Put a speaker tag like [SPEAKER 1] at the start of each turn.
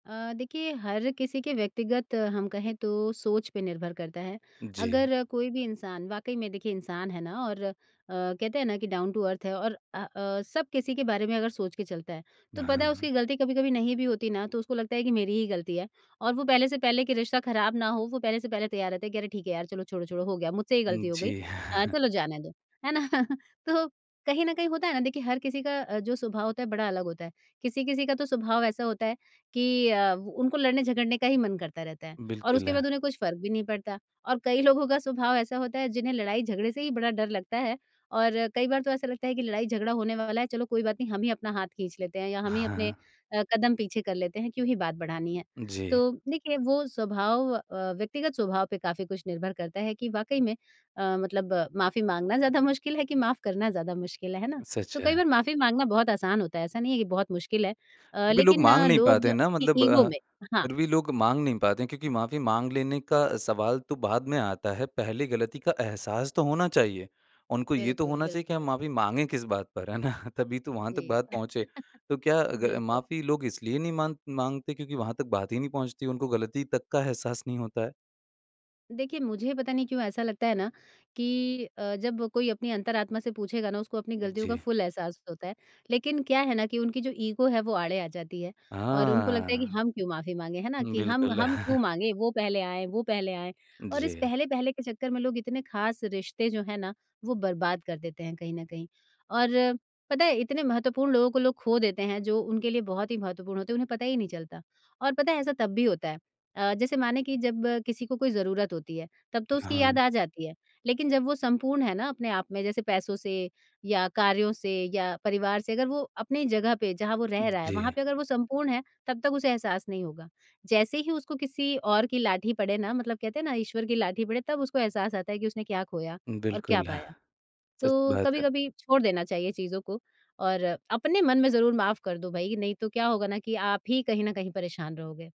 [SPEAKER 1] अ, देखिए हर किसी के व्यक्तिगत हम कहें तो सोच पे निर्भर करता है।
[SPEAKER 2] जी।
[SPEAKER 1] अगर कोई भी इंसान वाक़ई में देखिए इंसान है ना और अ, कहते हैं ना कि डाउन टू अर्थ है और अ अ, सब किसी के बारे में अगर सोच के चलता है तो
[SPEAKER 2] हाँ, हाँ,
[SPEAKER 1] पता है
[SPEAKER 2] हाँ।
[SPEAKER 1] उसकी ग़लती कभी-कभी नहीं भी होती ना तो उसको लगता है कि मेरी ही ग़लती है और वो पहले से पहले के रिश्ता ख़राब ना हो वो पहले से पहले तैयार रहते हैं कि अरे ठीक है यार! चलो छोड़ो-छोड़ो हो गया मुझसे ही
[SPEAKER 2] उम,
[SPEAKER 1] ग़लती हो गई
[SPEAKER 2] जी।
[SPEAKER 1] अ, चलो जाने दो। है ना तो कहीं न कहीं होता है ना देखिए हर किसी का अ, जो स्वभाव होता है बड़ा अलग होता है। किसी-किसी का तो स्वभाव ऐसा होता है कि अ, उनको लड़ने-झगड़ने का ही मन करता रहता है और
[SPEAKER 2] बिल्कुल।
[SPEAKER 1] उसके बाद उन्हें कुछ फ़र्क भी नहीं पड़ता और कई लोगों का स्वभाव ऐसा होता है जिन्हें लड़ाई-झगड़े से ही बड़ा डर लगता है। और कई बार तो ऐसा लगता है कि लड़ाई झगड़ा होने वाला है। चलो कोई बात नहीं हम ही अपना हाथ खींच लेते हैं या हम ही
[SPEAKER 2] हाँ,
[SPEAKER 1] अपने
[SPEAKER 2] हाँ।
[SPEAKER 1] अ, कदम पीछे कर लेते हैं क्यों ही बात बढ़ानी है।
[SPEAKER 2] जी।
[SPEAKER 1] तो देखिए वो स्वभाव अ, व्यक्तिगत स्वभाव पे काफ़ी कुछ निर्भर करता है कि वाक़ई में अ, मतलब माफ़ी माँगना ज़्यादा मुश्किल है कि माफ़ करना ज़्यादा मुश्किल है। है ना? तो
[SPEAKER 2] सच
[SPEAKER 1] कई
[SPEAKER 2] है।
[SPEAKER 1] बार माफ़ी माँगना बहुत आसान होता है ऐसा नहीं है कि बहुत मुश्किल है अ,
[SPEAKER 2] फ़िर भी लोग
[SPEAKER 1] लेकिन
[SPEAKER 2] माँग
[SPEAKER 1] अ,
[SPEAKER 2] नहीं पाते
[SPEAKER 1] लोग
[SPEAKER 2] हैं ना
[SPEAKER 1] अपनी
[SPEAKER 2] मतलब
[SPEAKER 1] ईगो
[SPEAKER 2] अ,
[SPEAKER 1] में हाँ।
[SPEAKER 2] फ़िर भी लोग माँग नहीं पाते हैं क्योंकि माफ़ी माँग लेने का सवाल तो बाद में आता है, पहले ग़लती का एहसास तो होना चाहिए। उनको ये तो
[SPEAKER 1] बिल्कुल,
[SPEAKER 2] होना चाहिए कि
[SPEAKER 1] बिल्कुल।
[SPEAKER 2] हम माफ़ी माँगें किस बात पर है ना तभी तो वहाँ तक
[SPEAKER 1] जी।
[SPEAKER 2] बात पहुँचे। तो क्या अगर अ,
[SPEAKER 1] बिल्कुल।
[SPEAKER 2] माफ़ी लोग इसलिए नहीं माँग माँगते? क्योंकि वहाँ तक बात ही नहीं पहुँचती? उनको ग़लती तक का एहसास नहीं होता है।
[SPEAKER 1] देखिए, मुझे पता नहीं क्यों ऐसा लगता है? ना कि अ, जब कोई अपनी अंतरात्मा से पूछेगा ना उसको अपनी ग़लतियों का
[SPEAKER 2] जी।
[SPEAKER 1] फुल एहसास तो होता है। लेकिन, क्या है ना कि उनकी जो ईगो है वो आड़े आ जाती है और उनको लगता है कि
[SPEAKER 2] हाँ।
[SPEAKER 1] हम क्यों माफ़ी माँगे है ना कि हम
[SPEAKER 2] बिल्कुल।
[SPEAKER 1] हम क्यों माँगे वो पहले आएँ, वो पहले आएँ और इस
[SPEAKER 2] जी।
[SPEAKER 1] पहले-पहले के चक्कर में लोग इतने ख़ास रिश्ते जो हैं ना वो बर्बाद कर देते हैं कहीं न कहीं। और पता है इतने महत्वपूर्ण लोगों को लोग ख़ो देते हैं जो उनके लिए बहुत ही महत्वपूर्ण होते हैं उन्हें पता ही नहीं चलता और पता है ऐसा तब भी होता है। अ, जैसे माने कि जब किसी को कोई ज़रूरत होती है तब तो उसकी याद
[SPEAKER 2] हाँ।
[SPEAKER 1] आ जाती है लेकिन जब वो संपूर्ण है ना अपने आप में जैसे पैसों से या कार्यों से या परिवार से अगर वो अपनी जगह पे जहाँ वो रह रहा है वहाँ
[SPEAKER 2] जी।
[SPEAKER 1] पे अगर वो संपूर्ण है तब तक उसे एहसास नहीं होगा। जैसे ही उसको किसी और की लाठी पड़े ना मतलब कहते हैं ना ईश्वर की लाठी पड़े तब उसको एहसास आता है कि उसने क्या ख़ोया और क्या
[SPEAKER 2] बिल्कुल।
[SPEAKER 1] पाया।
[SPEAKER 2] सच
[SPEAKER 1] तो
[SPEAKER 2] बात है।
[SPEAKER 1] कभी-कभी छोड़ देना चाहिए चीज़ों को और अपने मन में ज़रूर माफ़ कर दो भई नहीं तो क्या होगा ना कि आप ही कहीं न कहीं परेशान रहोगे।